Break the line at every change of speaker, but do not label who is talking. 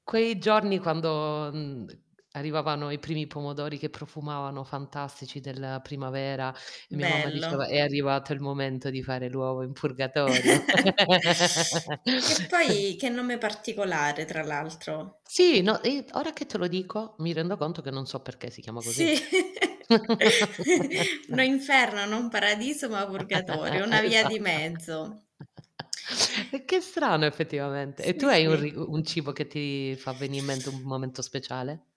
Quei giorni, quando, mhmm, arrivavano i primi pomodori che profumavano fantastici della primavera, e mia mamma diceva:
Bello.
"È arrivato il momento di fare l'uovo in purgatorio."
Che poi, che nome particolare, tra l'altro.
Sì, no, i ora che te lo dico, mi rendo conto che non so perché si chiama così.
Sì. No inferno, non paradiso ma purgatorio, una via
Esa
di mezzo.
È che è strano effettivamente. E tu
Sì,
hai un
sì.
ri u un cibo che ti fa venì in mente un momento speciale?